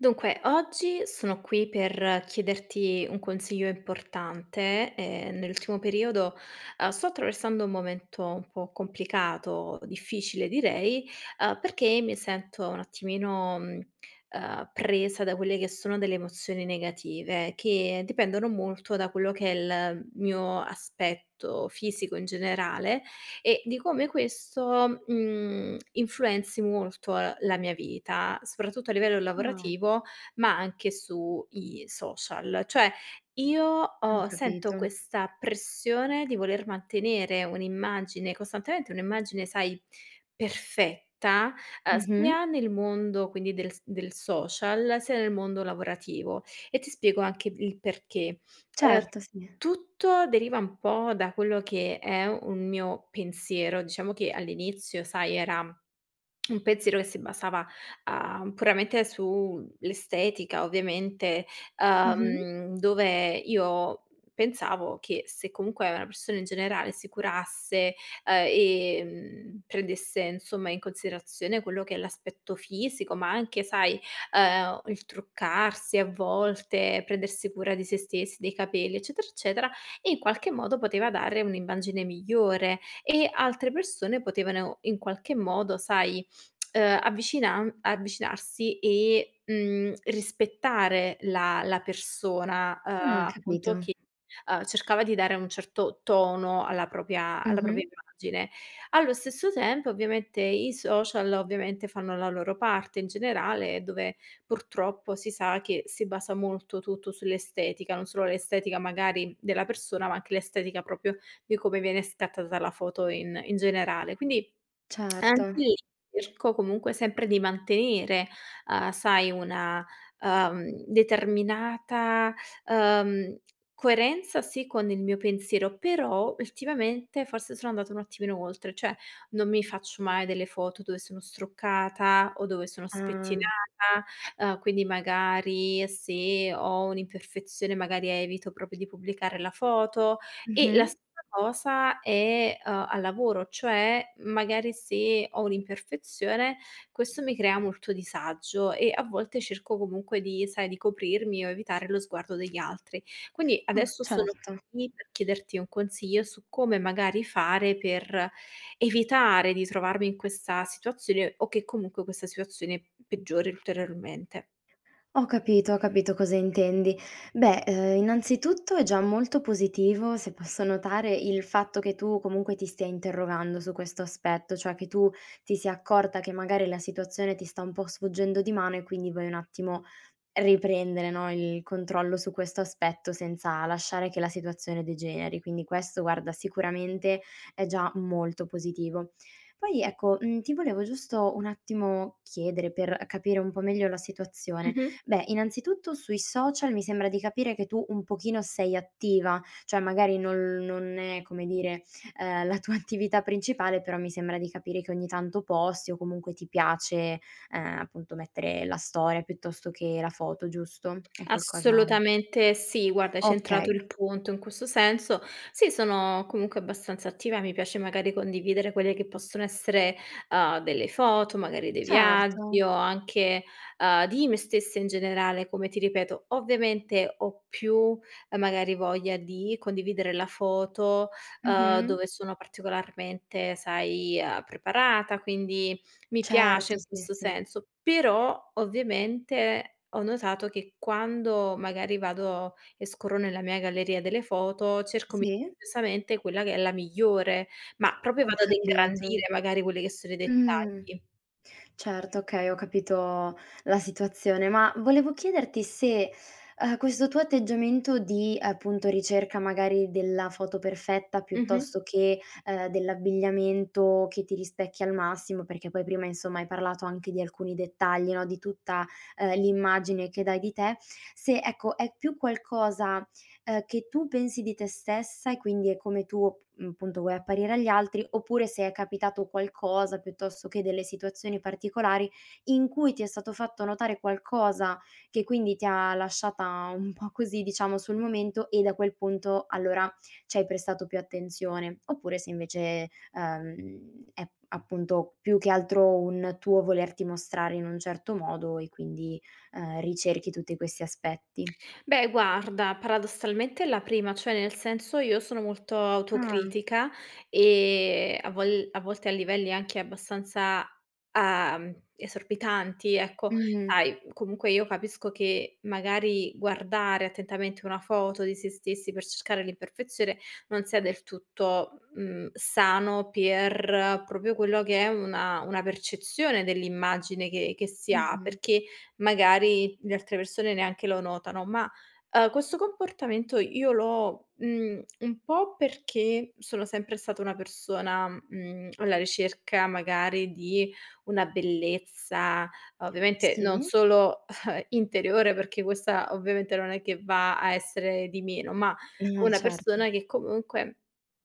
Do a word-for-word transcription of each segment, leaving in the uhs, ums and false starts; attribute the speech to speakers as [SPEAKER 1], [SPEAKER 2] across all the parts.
[SPEAKER 1] Dunque, oggi sono qui per chiederti un consiglio importante. Ehm, nell'ultimo periodo, uhm, sto attraversando un momento un po' complicato, difficile direi, uhm, perché mi sento un attimino, mhmm, ehm, presa da quelle che sono delle emozioni negative, che dipendono molto da quello che è l mio aspetto fisico in generale e di come questo, mhmm, influenzi molto, ehm, la mia vita, soprattutto a livello
[SPEAKER 2] Ah.
[SPEAKER 1] lavorativo, ma anche su i social. Cioè, io
[SPEAKER 2] Ho
[SPEAKER 1] ho sento
[SPEAKER 2] capito.
[SPEAKER 1] questa pressione di voler mantenere un'immagine costantemente, un'immagine, sai, perfetta, ehm,
[SPEAKER 2] Mh-mh.
[SPEAKER 1] sia nel mondo, quindi, del s del social, sia nel mondo lavorativo e ti spiego anche il perché. Uhm,
[SPEAKER 2] Certo, sì.
[SPEAKER 1] tutto deriva un po' da quello che è un mio pensiero, diciamo che all'inizio, sai, era un pensiero che si basava, uhm, puramente su l'estetica, ovviamente,
[SPEAKER 2] Mh-mh.
[SPEAKER 1] uhm, dove io pensavo che se comunque una persona in generale si curasse, uhm, e, mhmm, prendesse, insomma, in considerazione quello che è l'aspetto fisico, ma anche, sai, uhm, il truccarsi a volte, prendersi cura di sé stess dei capelli, eccetera, eccetera, in qualche modo poteva dare un'immagine migliore e altre persone potevano in qualche modo, sai, uhm, avvicinan avvicinarsi e, mhmm, rispettare la la persona, uhm,
[SPEAKER 2] Ah,
[SPEAKER 1] appunto,
[SPEAKER 2] capito.
[SPEAKER 1] che, uhm, cercava di dare un certo tono alla propia alla propia
[SPEAKER 2] Mh-mh.
[SPEAKER 1] immagine. Allo stesso tempo, ovviamente, i social, ovviamente, fanno la loro parte in generale, dove purtroppo si sa che si basa molto tutto sull'estetica, non solo l'estetica magari della persona, ma anche l'estetica propio di come viene scattata la foto in in generale. Quindi, anche
[SPEAKER 2] Certo.
[SPEAKER 1] lì, erco comunque sempre di mantenere, uhm, sai, una, uhm, determinata, uhm, coerenza, sì, con il mio pensiero, però ultimamente forse sono andata un attimino oltre, cioè non mi faccio mai delle foto dove sono struccata o dove sono
[SPEAKER 2] Ah.
[SPEAKER 1] spettinata, uhm, quindi magari se ho un'imperfezione, magari evito propio di pubblicare la foto e la
[SPEAKER 2] Mh-mh.
[SPEAKER 1] sta cosa è, uhm, al lavoro, cioè, magari, se ho un'imperfezione, questo mi crea molto disagio e a volte cerco comunque di sai, di coprirmi o evitare lo sguardo degli altri. Quindi
[SPEAKER 2] Oh,
[SPEAKER 1] adesso sono
[SPEAKER 2] certo.
[SPEAKER 1] qui per chiederti un consiglio su come magari fare per evitare di trovarmi in questa situazione o che comunque questa situazione peggiori ulteriormente.
[SPEAKER 2] Ho capito, ho capito cosa intendi. Beh, uhm, innanzitutto è già molto positivo, se posso notare, il fatto che tu comunque ti stia interrogando su questo aspetto, cioè che tu ti sia accorta che, magari, la situazione ti sta un po' sfuggendo di mano e quindi vuoi un attimo riprendere, no, il controllo su questo aspetto, senza lasciare che la situazione degeneri. Quindi questo, guarda, sicuramente è già molto positivo. Poi, ecco, mhmm, ti volevo giusto un attimo chiedere, per, uhm, capire un po' meglio la situazione.
[SPEAKER 1] Mh-mh.
[SPEAKER 2] Beh, innanzitutto, sui social mi sembra di capire che tu un pochino sei attiva, cioè magari non non è, come dire, uhm, la tua attività principale, però mi sembra di capire che ogni tanto posti o comunque ti piace, ehm, appunto, mettere la storia, piuttosto che la foto, giusto? È qualcosa
[SPEAKER 1] Assolutamente sì. Guarda, hai centrato
[SPEAKER 2] Okay.
[SPEAKER 1] il punto in questo senso. Sì, sono comunque abbastanza attiva. Mi piace, magari, condividere quelle che possono essere, uhm, delle foto, magari dei viaggi
[SPEAKER 2] Certo.
[SPEAKER 1] o anche, uhm, di me stessa in generale, come ti ripeto. Ovviamente ho più, ehm, magari voglia di condividere la foto, uhm,
[SPEAKER 2] Mh-mh.
[SPEAKER 1] dove sono particolarmente, sai, uhm, preparata, quindi mi piace
[SPEAKER 2] Certo.
[SPEAKER 1] in
[SPEAKER 2] Sì,
[SPEAKER 1] questo
[SPEAKER 2] sì.
[SPEAKER 1] senso. Però, ovviamente, ho notato che quando magari vado e scorro nella mia galleria delle foto, cerco
[SPEAKER 2] Sì.
[SPEAKER 1] misamente quella che è la migliore, ma propio
[SPEAKER 2] Ho
[SPEAKER 1] vado ad
[SPEAKER 2] capito.
[SPEAKER 1] ingrandire, magari, quelli che sono i
[SPEAKER 2] Mh.
[SPEAKER 1] dettagli.
[SPEAKER 2] Certo, okay, ho capito la situazione. Ma volevo chiederti se, uhm, questo tuo atteggiamento di, appunto, ricerca magari della foto perfetta,
[SPEAKER 1] Mh-mh.
[SPEAKER 2] piuttosto che, ehm, dell'abbigliamento che ti rispecchia al massimo, perché poi prima insomma, hai parlato anche di alcuni dettagli no, di tutta, ehm, l'immagine che dai di te; se ecco, è più qualcosa, ehm, che tu pensi di te stessa e quindi è come tuo p mhmm, punto, vuoi apparire agli altri, oppure se è capitato qualcosa, piuttosto che delle situazioni particolari in cui ti è stato fatto notare qualcosa, che quindi ti ha lasciata un po' così, diciamo, sul momento e da quel punto allora ci hai prestato più attenzione. Oppure se invece è uhm, è appunto, più che altro un tuo volerti mostrare in un certo modo e quindi, ehm, ricerchi tutti questi aspetti.
[SPEAKER 1] Beh, guarda, paradossalmente è la prima, cioè nel senso, io sono molto
[SPEAKER 2] Ah.
[SPEAKER 1] autocritica e a vol a volte a livelli anche abbastanza, uhm, esorbitanti, ecco.
[SPEAKER 2] Mh.
[SPEAKER 1] Sai, comunque io capisco che magari guardare attentamente una foto di sé stessi per cercare l'imperfezione non sia del tutto, mhmm, sano per, propio quello che è una una percezione dell'immagine che che si ha,
[SPEAKER 2] Mh-mh.
[SPEAKER 1] perché magari le altre persone neanche lo notano. Ma, uhm, questo comportamento io l'ho, mhmm, un po' perché sono sempre stata una persona, mhmm, alla ricerca magari di una bellezza, ovviamente non
[SPEAKER 2] Sì.
[SPEAKER 1] solo interiore, perché questa ovviamente non è che va a essere di meno, ma
[SPEAKER 2] No,
[SPEAKER 1] una
[SPEAKER 2] cer
[SPEAKER 1] persona che comunque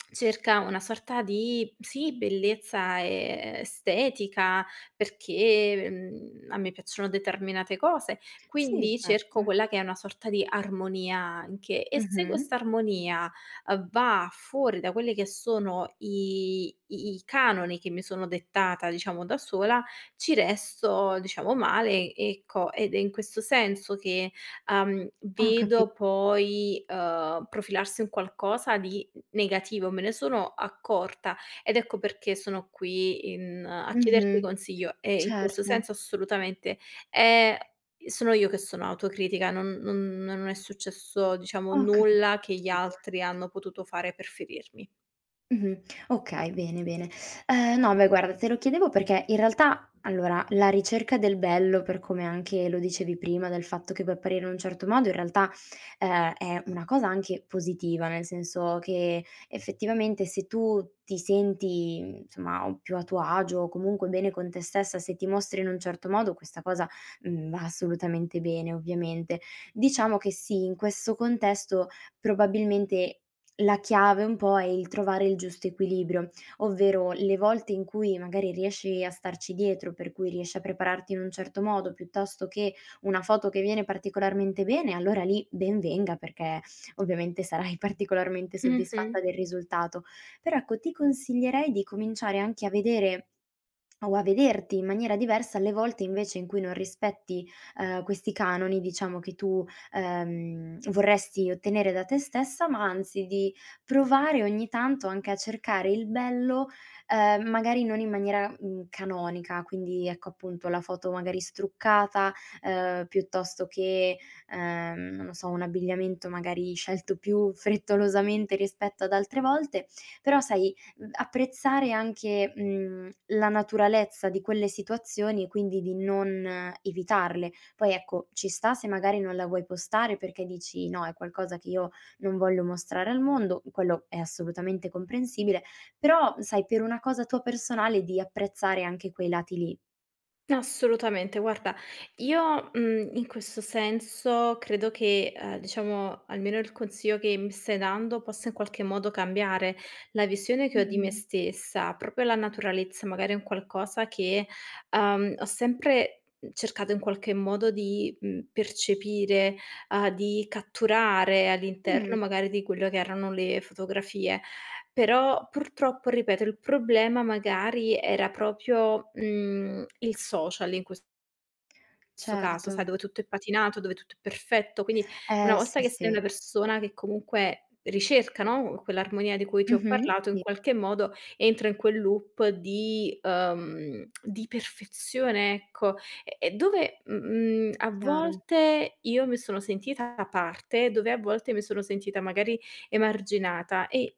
[SPEAKER 1] cerca una sorta di, sì, bellezza estetica, perché, mhmm, a me piacciono determinate cose,
[SPEAKER 2] Sì,
[SPEAKER 1] quindi cerco
[SPEAKER 2] certo.
[SPEAKER 1] quella che è una sorta di armonia, anche. E se questa
[SPEAKER 2] Mh-mh.
[SPEAKER 1] armonia, uhm, va fuori da quelli che sono i i canoni che mi sono dettata, diciamo, da sola, ci resto, diciamo, male, ecco, ed è in questo senso che, uhm,
[SPEAKER 2] Ho capi
[SPEAKER 1] vedo poi, uhm, profilarsi un qualcosa di n negativo. Me ne sono accorta ed ecco perché sono qui in a chiederti
[SPEAKER 2] Mh-mh.
[SPEAKER 1] consiglio e, in questo
[SPEAKER 2] Certo.
[SPEAKER 1] senso, assolutamente, è sono io che sono autocritica, non non non è successo, diciamo,
[SPEAKER 2] Ho
[SPEAKER 1] nulla che gli
[SPEAKER 2] capito.
[SPEAKER 1] altri hanno potuto fare per ferirmi.
[SPEAKER 2] Mh-mh. Okay, bene, bene. Uhm, no beh, guarda, te lo chiedevo perché, in realtà, allora, la ricerca del bello, per come anche lo dicevi prima, del fatto che puoi apparire un certo modo, in realtà, ehm, è una cosa anche positiva, nel senso che effettivamente se tu ti senti, mhmm, somma, uhm, più a tuo agio o comunque bene con te stessa, se ti mostri in un certo modo, questa cosa, mhmm, va assolutamente bene, ovviamente. Diciamo che sì, in questo contesto, probabilmente, la chiave un po' è il trovare il giusto equilibrio, ovvero le volte in cui magari riesci a starci dietro, per cui riesci a prepararti in un certo modo, piuttosto che, una foto che viene particolarmente bene, allora lì ben venga perché ovviamente sarai particolarmente soddisfatta
[SPEAKER 1] Mh-mh.
[SPEAKER 2] del risultato. Però ecco, ti consiglierei di cominciare anche a vedere, o a vederti in maniera diversa, alle volte invece in cui non rispetti, ehm, questi canoni, diciamo che tu, ehm, vorresti ottenere da te stessa, ma anzi di provare, ogni tanto, anche a cercare il bello, ehm, magari non in maniera, mhmm, canonica, quindi ecco, appunto, la foto magari struccata, ehm, piuttosto che, ehm, non lo so, un abbigliamento magari scelto più frettolosamente rispetto ad altre volte, però sai, mhmm, apprezzare anche, mhmm, la naturalezza di quelle situazioni e quindi di non evitarle. Poi ecco, ci sta, se magari non la vuoi postare perché dici: "No, è qualcosa che io non voglio mostrare al mondo", quello è assolutamente comprensibile. Però sai, per una cosa tua personale di apprezzare anche quei lati lì.
[SPEAKER 1] Assolutamente. Guarda io, mhmm, in questo senso credo che, ehm, diciamo almeno il consiglio che mi stai dando possa in qualche modo cambiare, la visione che ho di me
[SPEAKER 2] Mh-mh.
[SPEAKER 1] stessa, proprio la naturalezza, magari è un qualcosa che, ehm, ho sempre, mhmm, cercato in qualche modo di, mhmm, percepire, uhm, di catturare,
[SPEAKER 2] Mh.
[SPEAKER 1] all'interno magari di quello che erano le fotografie. Però, purtroppo ripeto, il problema magari era propio, mhmm, il social in ques sto caso, sai
[SPEAKER 2] Certo.
[SPEAKER 1] dove tutto è patinato, dove tutto è perfetto. Quindi una
[SPEAKER 2] Eh,
[SPEAKER 1] volta
[SPEAKER 2] sì,
[SPEAKER 1] che sei
[SPEAKER 2] sì.
[SPEAKER 1] una persona che comunque ricerca, no, quell'armonia di cui ti ho
[SPEAKER 2] Mh-mh,
[SPEAKER 1] parlato, in
[SPEAKER 2] sì.
[SPEAKER 1] qualche modo entra in quel loop di uhm, di perfezione ecco. E e dove, mh mhmm, a
[SPEAKER 2] Chiaro.
[SPEAKER 1] volte io mi sono sentita da parte, dove a volte mi sono sentita magari emarginata e,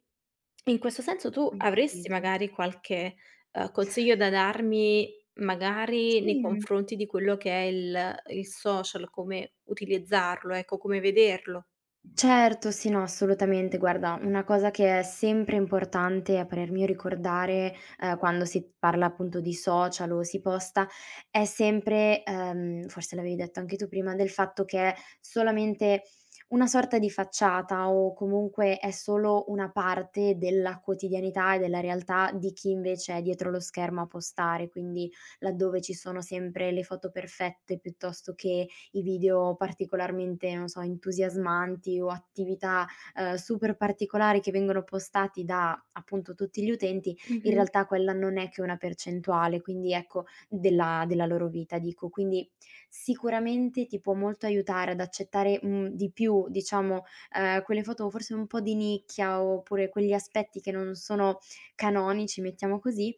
[SPEAKER 1] in questo senso, tu
[SPEAKER 2] Ho
[SPEAKER 1] avresti
[SPEAKER 2] capito.
[SPEAKER 1] magari qualche, ehm, consiglio da darmi, magari nei
[SPEAKER 2] Sì, mh.
[SPEAKER 1] confronti di quello che è il il social, come utilizzarlo, ecco come vederlo?
[SPEAKER 2] Certo, sì, no, assolutamente, guarda, una cosa che è sempre importante, a parer mio ricordare, uhm, quando si parla appunto di social o si posta, è sempre, ehm forse l'avevi detto anche tu prima del fatto che solamente una sorta di facciata o comunque è solo una parte della quotidianità e della realtà di chi invece è dietro lo schermo a postare. Quindi, laddove ci sono sempre le foto perfette piuttosto che i video particolarmente, non so, entusiasmanti o attività, uhm, super particolari che vengono postati da, appunto, tutti gli utenti, in
[SPEAKER 1] Mh-mh.
[SPEAKER 2] realtà quella non è che una percentuale, quindi ecco della della loro vita, dico. Quindi sicuramente ti può molto aiutare ad accettare, mhmm, di più, diciamo, ehm, quelle foto forse un po' di nicchia oppure quegli aspetti che non sono canonici, mettiamo così,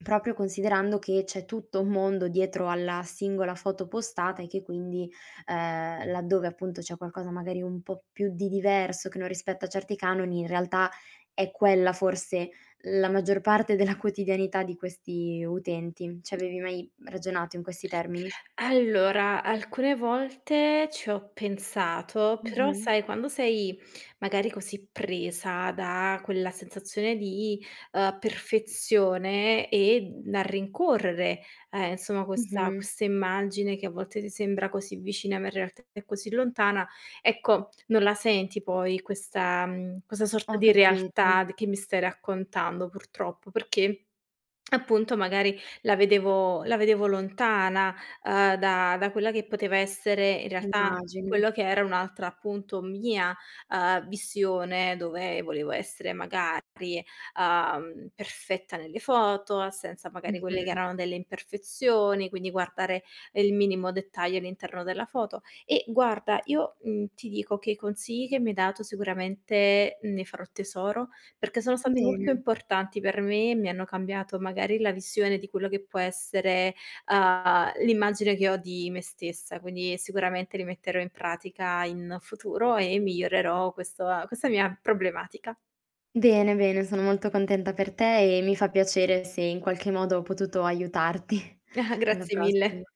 [SPEAKER 2] propio considerando, che c'è tutto un mondo dietro alla singola foto postata e che quindi, ehm, laddove appunto c'è qualcosa magari un po' più di diverso che non rispetta certi canoni, in realtà è quella forse la maggior parte della quotidianità di questi utenti. C'avevi mai ragionato in questi termini?
[SPEAKER 1] Allora, alcune volte ci ho pensato, però
[SPEAKER 2] Mh-mh.
[SPEAKER 1] sai quando sei magari così presa da quella sensazione di, ehm, perfezione e, mhmm, a rincorrere, ehm, insomma, questa
[SPEAKER 2] Mh-mh.
[SPEAKER 1] questa immagine che a volte ti sembra così vicina ma in realtà è così lontana, ecco non la senti poi questa, mhmm questa sorta
[SPEAKER 2] Ho
[SPEAKER 1] di
[SPEAKER 2] capito.
[SPEAKER 1] realtà d che mi stai raccontando, purtroppo; perché, appunto, magari la vedevo la vedevo lontana, ehm, da da quella che poteva essere in realtà
[SPEAKER 2] Immagino.
[SPEAKER 1] quello che era un'altra, appunto, mia, ehm, vissione dove volevo essere magari, uhm, perfetta nelle foto, senza magari quelle che
[SPEAKER 2] Mh-mh.
[SPEAKER 1] erano delle imperfezioni, quindi guardare il minimo dettaglio all'interno della foto. E guarda io, mhmm, ti dico che i consigli che mi hai dato sicuramente ne farò tesoro, perché sono stati molto
[SPEAKER 2] Bene.
[SPEAKER 1] importanti per me e mi hanno cambiato magari la visione di quello che può essere, uhm, l'immagine che ho di me stessa, quindi sicuramente li metterò in pratica in futuro e migliorerò questo ehm, questa mia problematica.
[SPEAKER 2] Bene, bene, sono molto contenta per te e mi fa piacere se in qualche modo ho potuto aiutarti. Alla
[SPEAKER 1] grazie mille.
[SPEAKER 2] prossima.